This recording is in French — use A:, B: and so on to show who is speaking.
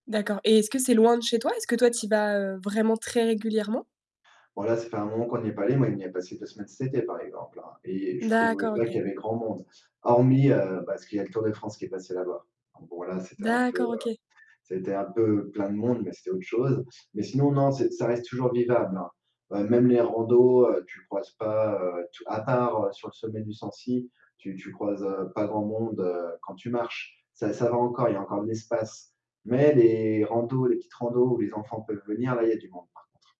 A: D'accord. Et est-ce que c'est loin de chez toi? Est-ce que toi tu y vas, heu, vraiment très régulièrement?
B: Bon, là, ça fait un moment qu'on n'y est pas allés. Moi on y a passé 2 semaines cet été, par exemple, hein. Et je trouvais
A: D'accord,
B: pas qu'il y
A: OK.
B: avait grand monde. Hormis, heu, parce qu'il y a le Tour de France qui est passé là-bas. Donc bon, là, c'était un peu,
A: D'accord,
B: heu,
A: OK.
B: c'était un peu plein de monde mais c'était autre chose. Mais sinon, non, c'est ça reste toujours vivable, hein. Bah même les randos, heu, tu croises pas, heu tou à part sur le sommet du Sancy, tu tu croises, heu, pas grand monde, heu, quand tu marches. Ça ça va encore, il y a encore de l'espace. Mais les randos les petites randos où les enfants peuvent venir, là, il y a du monde par contre.